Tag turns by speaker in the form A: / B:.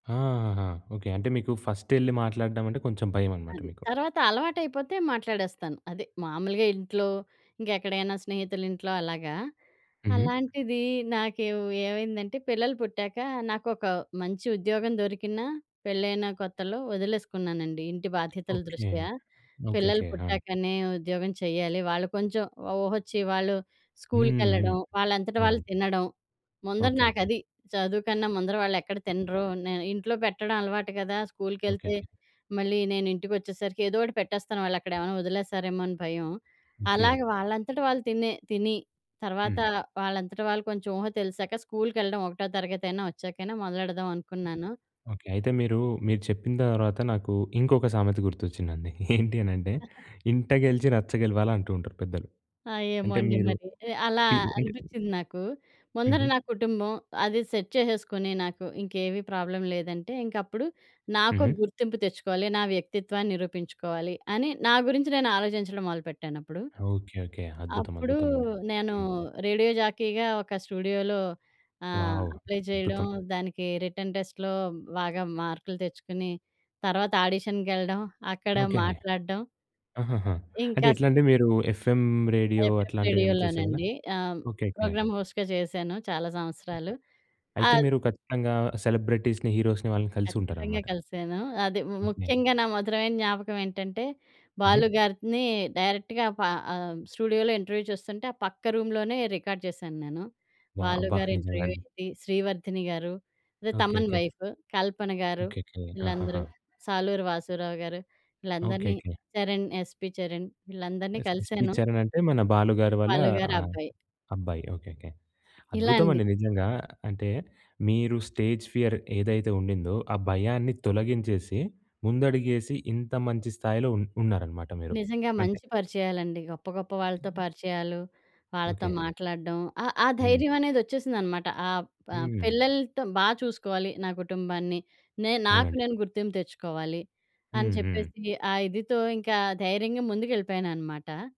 A: ఆ! ఆహాహా! ఓకే. అంటే, మీకూ ఫస్టెళ్ళి మాట్లాడడం అంటే, కొంచెం భయవనమాట
B: అది.
A: మీకు.
B: తర్వాత అలవాటయిపోతే మాట్లాడేస్తాను, అదే మాములుగా ఇంట్లో, ఇంకెక్కడైనా స్నేహితులింట్లో అలాగా.
A: హుహు.
B: అలాంటిదీ నాకెవ్ ఏవైందంటే, పిల్లలు పుట్టాకా నాకొకా మంచి ఉద్యోగం దొరికినా, పెళ్లైన కొత్తలో ఒదిలేసుకున్నానండీ, ఇంటి బాధ్యతల
A: ఓకే.
B: దృష్ట్యా. పిల్లలు
A: ఓకేకే. ఆ!
B: పుట్టాకనే ఉద్యోగం చెయ్యాలి, వాళ్ళు కొంచెం ఒ ఊహొచ్చి, వాళ్ళు
A: హ్మ్. హ్మ్.
B: స్కూలుకెళ్ళడం, వాళ్ళంతట వాళ్ళు
A: అవునండి.
B: తినడం. ముందర
A: ఓకే. ఓకే.
B: నాకది. చదువు కన్నా ముందర వాళ్ళెక్కడ తినరో! నేను ఇంట్లో పెట్టడం అలవాటు గదా! స్కూల్‌కెళ్తే
A: ఓకేకే.
B: మళ్ళీ నేనింటికొచ్చేసరికి ఏదోటి పెట్టేస్తాను, వాళ్ళక్కడేవన్నా ఒదిలేస్తారేమో అని భయం.
A: ఓకే.
B: అలాగే, వాళ్ళంతట వాళ్ళు తినే తిని తర్వాతా,
A: హ్మ్.
B: వాళ్ళంతట వాళ్ళు కొంచుం ఊహ తెలిశాక స్కూల్‌కెళ్ళడం ఒకటో తరగతయినా ఒచ్చాకైనా మొదలెడదావనుకున్నాను.
A: ఓకే. అయితే, మీరూ, మీరు చెప్పిన తర్వాత నాకూ ఇంకొక సామెత గుర్తొచ్చిందండి. ఏంటి అనంటే, 'ఇంట గెలిచి రచ్చ గెలవాలి' అంటూ ఉంటారు పెద్దలు.
B: ఆ! ఏమో
A: అంటే,
B: అండి
A: మీరు
B: మరి. ఆహ్, అలా
A: పి అంటే
B: అనిపిచ్చింది నాకూ. ముందర
A: హుహు.
B: నా కుటుంబం, అది సెట్ చేసేసుకొని నాకు ఇంకేవీ ప్రాబ్లమ్ లేదంటే, ఇంకప్పుడు నాకు
A: హుహు.
B: గుర్తింపు తెచ్చుకోవాలి, నా వ్యక్తిత్వాన్ని నిరూపించుకోవాలి. అని నా గురించి నేను ఆలోచించడం మొదలు పెట్టానప్పుడు.
A: ఓకే. ఓకే. అద్భుతం.
B: అప్పుడూ
A: అద్భుతమండి.
B: నేనూ
A: హ్మ్.
B: రేడియో జాకీగా ఒక స్టూడియోలో ఆహ్,
A: వావ్.
B: అప్లై చెయడం,
A: అద్భుతం.
B: దానికీ రిటన్ టెస్ట్‌లో బాగా మార్కులు తెచ్చుకుని, తర్వాతాడిషన్‌కెళ్ళడం, అక్కడ
A: ఓకే అండి.
B: మాట్లాడడం.
A: ఆహాహా! అంటే
B: ఇంకాస్త
A: ఎట్లంటే, మీరూ ఎఫ్ఎం రేడియో
B: ఎఫ్ఎం
A: అట్లాంటివేం చేసేవారా?
B: రేడియోలోనండీ! ఆ!
A: ఓకే. ఓకే.
B: ప్రోగ్రామ్ హోస్ట్ గా చేశాను చాలా సంవత్సరాలు.
A: అయితే,
B: ఆద్
A: మీరు ఖచ్చితంగా సెలబ్రిటీస్‌ని, హీరోస్‌ని వాళ్ళని
B: ఖచ్చితంగా
A: కలిసుంటారనమాట.
B: కలిశానూ. అది ము
A: ఓకే.
B: ముఖ్యంగా నా మధురమైన జ్ఞాపకమేంటంటే,
A: హుహు.
B: బాలు గారినీ డైరెక్ట్‌గా ప ఆహ్, స్టూడియోలో ఇంటర్వ్యూ చూస్తుంటే, ఆ పక్క రూమ్‌లోనే రికార్డ్ చేశాను నేను.
A: వావ్!
B: 'బాలు‌'
A: అబ్బా!
B: గారి ఇంటర్వ్యూ
A: నిజంగండి.
B: ఏంటి, 'శ్రీవర్ధని' గారు, అదే
A: okay.
B: 'Thaman'
A: okay.
B: Wife. 'Kalpana‌' garu,
A: okay. Okay. ఆహాహా!
B: వీళ్ళందరూ. 'సాలూరు వాసూరావు‌' గారు, వీళ్ళందరినీ.
A: ఓకేకే.
B: చరణ్ 'యస్‌పి చరణ్' వీళ్ళందరినీ
A: యస్ యస్‌పి
B: కలిశాను.
A: చరణంటే, మన 'బాలు' గారి వాళ్ళా
B: 'బాలు'
A: ఆ!
B: గారబ్బాయి.
A: అబ్బాయి. ఓకే. ఓకే.
B: ఇలా అండి.
A: అద్భుతమండి నిజంగా. అంటే, మీరు స్టేజ్ ఫియర్ ఏదైతే ఉండిందో, ఆ భయాన్ని తొలగించేసి, ముందడుగేసి ఇంత మంచి స్థాయిలో ఉన్ ఉన్నారనమాట మీరు.
B: నిజంగా.
A: అంతే.
B: మంచి పరిచయాలండి. గొప్ప గొప్ప వాళ్ళతో పరిచయాలు, వాళ్ళతో
A: ఓకే.
B: మాట్లాడడం. ఆ ఆ
A: హ్మ్.
B: ధైర్యవనేదొచ్చేసిందనమాట. ఆ ప
A: హ్మ్.
B: పిల్లలతో బా చూసుకోవాలి నా కుటుంబాన్ని. నే నాకు
A: అవునండి.
B: నేను గుర్తింపు తెచ్చుకోవాలి, అని
A: హ్మ్. హ్మ్.
B: చెప్పేసి, ఆ ఇదితో ఇంకా ధైర్యంగా ముందుకెళ్ళిపోయాననమాట.